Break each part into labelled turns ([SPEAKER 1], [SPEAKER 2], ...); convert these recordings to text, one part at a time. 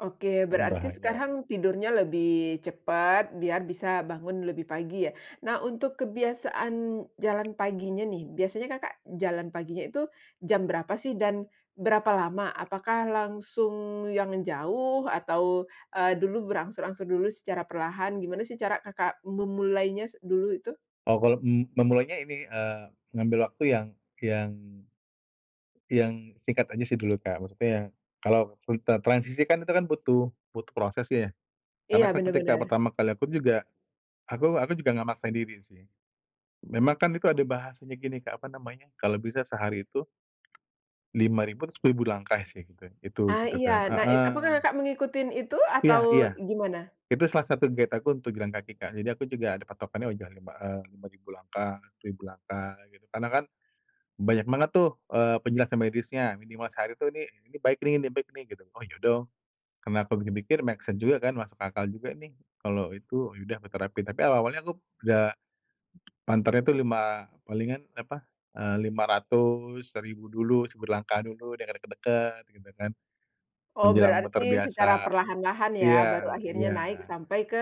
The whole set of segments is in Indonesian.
[SPEAKER 1] Oke,
[SPEAKER 2] Mmm,
[SPEAKER 1] berarti
[SPEAKER 2] bahaya.
[SPEAKER 1] sekarang tidurnya lebih cepat, biar bisa bangun lebih pagi ya? Nah, untuk kebiasaan jalan paginya nih, biasanya Kakak jalan paginya itu jam berapa sih, dan berapa lama? Apakah langsung yang jauh atau, eee, dulu berangsur-angsur dulu secara perlahan, gimana sih cara Kakak memulainya s dulu itu?
[SPEAKER 2] Oh, kalau m memulainya ini, eee, ngambil waktu yang yang yang singkat aja sih dulu, Kak, maksudnya, kalau full tra transisi kan tuh kan butuh butuh prosesnya ya. Karena
[SPEAKER 1] Iya,
[SPEAKER 2] kan
[SPEAKER 1] benar
[SPEAKER 2] ketika
[SPEAKER 1] benar.
[SPEAKER 2] pertama kali aku juga, aku aku juga nggak maksakan diri sih. Memang kan itu ada bahasanya gini, Kak, apa namanya, kalau bisa sehari itu, 5000 atau 1000 langkah sih itu itu
[SPEAKER 1] Ah
[SPEAKER 2] itu
[SPEAKER 1] iya,
[SPEAKER 2] kan,
[SPEAKER 1] na it
[SPEAKER 2] heeh.
[SPEAKER 1] apakah Kakak mengikutin itu
[SPEAKER 2] Iya
[SPEAKER 1] atau
[SPEAKER 2] iya.
[SPEAKER 1] gimana?
[SPEAKER 2] Itu salah satu gate aku untuk jalan kaki, Kak. Jadi aku juga ada patokannya udah, 5, eee, 5000 langkah, 1000 langkah, gitu. Karena kan, banyak banget tuh, eee, penjelasan medisnya, minimal sehari tuh, "nih ini baik nih nih baik nih" gitu oh ya dong. Kenapa mikir-mikir, make sense juga kan, masuk akal juga nih, kalau itu, ya udah, aku terapin. Tapi awal-awalnya aku udah, panternya itu 5 palingan apa, eee, 500, 1000 dulu, 1000 langkah dulu, dari dekat dekat, gitu kan.
[SPEAKER 1] Oh,
[SPEAKER 2] Menjelang
[SPEAKER 1] berarti
[SPEAKER 2] muter
[SPEAKER 1] secara
[SPEAKER 2] biasa.
[SPEAKER 1] perlahan lahan ya, baru
[SPEAKER 2] Iya
[SPEAKER 1] akhirnya naik
[SPEAKER 2] iya.
[SPEAKER 1] sampai ke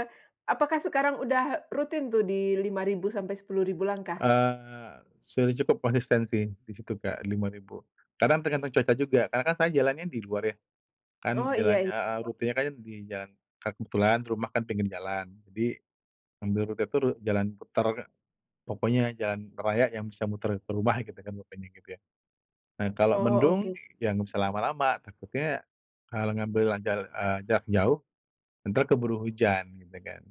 [SPEAKER 1] apakah sekarang udah rutin tuh di 5000 sampai 10.000 langkah?
[SPEAKER 2] Eee, sudah cukup konsisten sih, di situ, Kak, 5000. Kadang tergantung cuaca juga, karena kan saya jalannya di luar ya. Kan
[SPEAKER 1] Oh iya
[SPEAKER 2] jalannya
[SPEAKER 1] i
[SPEAKER 2] heeh, rutenya kan di jalan, ka kebetulan rumah kan pinggir jalan jadi, ngambil rute itu ru jalan putar, Kak. Pokoknya jalan raya yang bisa muter ke rumah gitu kan, pokoknya gitu ya. Nah, kalau
[SPEAKER 1] Oh,
[SPEAKER 2] mendung,
[SPEAKER 1] oke.
[SPEAKER 2] ya nggak bisa lama-lama. Takutnya, kalo ngambil terlanjur, eee, jarak jauh, entar keburu hujan, gitu kan.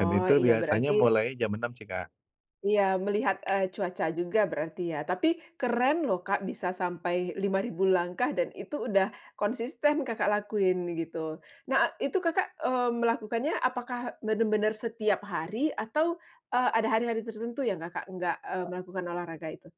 [SPEAKER 2] Dan itu
[SPEAKER 1] iya
[SPEAKER 2] biasanya
[SPEAKER 1] berarti
[SPEAKER 2] mulai jam 6 sih Kak.
[SPEAKER 1] Iya, melihat, eee, cuaca juga berarti ya, tapi keren loh, Kak, bisa sampai 5000 langkah dan itu udah konsisten Kakak lakuin, gitu. Nah, a itu Kakak, eee, melakukannya, apakah benar benar, setiap hari atau, eee, ada hari hari tertentu yang Kakak nggak, eee, melakukan olahraga itu?